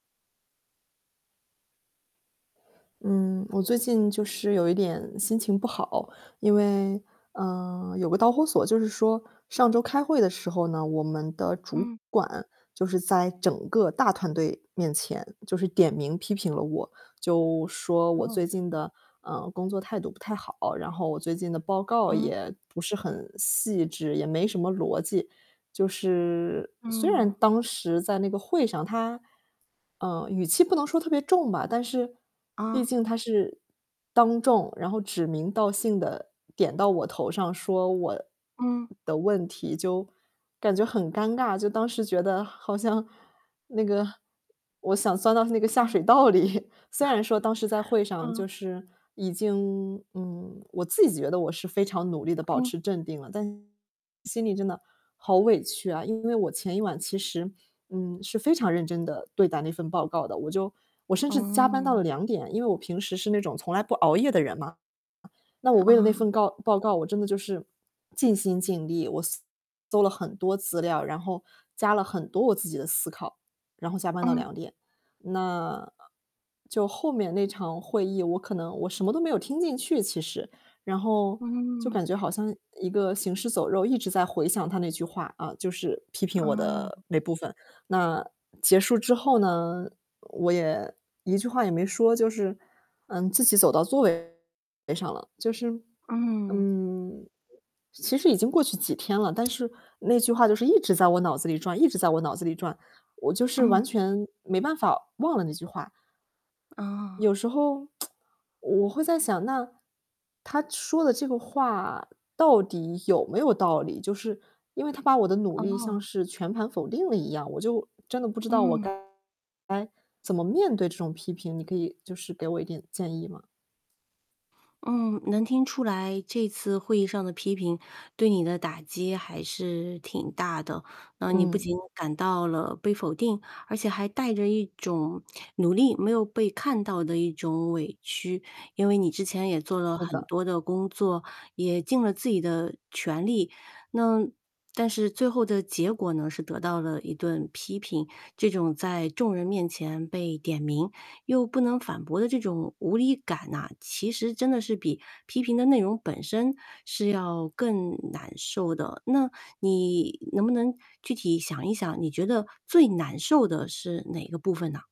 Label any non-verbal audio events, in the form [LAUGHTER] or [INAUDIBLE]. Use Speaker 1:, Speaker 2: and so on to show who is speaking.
Speaker 1: 嗯，我最近就是有一点心情不好，因为，呃，有个导火索，就是说上周开会的时候呢，我们的主
Speaker 2: 嗯。
Speaker 1: 管就是在整个大团队面前，就是点名批评了我，就说我最
Speaker 2: 哦。
Speaker 1: 近的，呃，工作态度不太好，然后我最近的报告
Speaker 2: 嗯。
Speaker 1: 也不是很细致，也没什么逻辑。就是，虽然
Speaker 2: 嗯。
Speaker 1: 当时在那个会上他，呃，语气不能说特别重吧，但是毕
Speaker 2: 啊。
Speaker 1: 竟他是当众，然后指名道姓地点到我头上说我
Speaker 2: 嗯。
Speaker 1: 的问题，就，感觉很尴尬，就当时觉得好像那个我想钻到那个下
Speaker 2: 嗯。
Speaker 1: 水道里，虽然说当时在
Speaker 2: [CHUCKLES]
Speaker 1: 会上就
Speaker 2: 嗯。
Speaker 1: 是已经嗯，我自己觉得我是非常努力地保
Speaker 2: 嗯。
Speaker 1: 持镇定了，但心里真的好委屈啊，因为我前一晚其实，嗯，是非常认真地对待那份报告的，我就我甚至加班到了
Speaker 2: 嗯。
Speaker 1: 2点，因为我平时是那种从来不熬夜的人嘛。那我为了那
Speaker 2: 啊。
Speaker 1: 份告报告，我真的就是尽心尽力，我搜了很多资料，然后加了很多我自己的思考，然后加班到
Speaker 2: 嗯。
Speaker 1: 2点。那就后面那场会议我可能我什么都没有听进去，其实，然后就
Speaker 2: 嗯。
Speaker 1: 感觉好像一个行尸走肉，一直在回想他那句话，啊，就是批评我的
Speaker 2: 嗯。
Speaker 1: 那部分，那结束之后呢，我也一句话也没说，就是，嗯，自己走到座位上了。就是
Speaker 2: 嗯。
Speaker 1: 嗯，其实已经过去几天了，但是那句话就是一直在我脑子里转一直在我脑子里转，我就是
Speaker 2: 嗯。
Speaker 1: 完全没办法忘了那句话。
Speaker 2: 哦。
Speaker 1: 有时候 [TSK] 我会在想，那，他说的这个话到底有没有道理。就是，因为他把我的努力像
Speaker 2: 哦。
Speaker 1: 是全盘否定了一样，我就真的不知道我
Speaker 2: 嗯。
Speaker 1: 该该怎么面对这种批评，你可以就是给我一点建议吗？
Speaker 2: 嗯，能听出来这次会议上的批评，对你的打击还是挺大的。那你不
Speaker 1: 嗯。
Speaker 2: 仅感到了被否定，而且还带着一种努力没有被看到的一种委屈，因为你之前也做了
Speaker 1: 是
Speaker 2: 很
Speaker 1: 的。
Speaker 2: 多的工作，也尽了自己的全力。那但是最后的结果呢，是得到了一顿批评，这种在众人面前被点名又不能反驳的这种无力感呐，其实真的是比批评的内容本身，是要更难受的。那你能不能具体想一想，你觉得最难受的是哪个部分呢？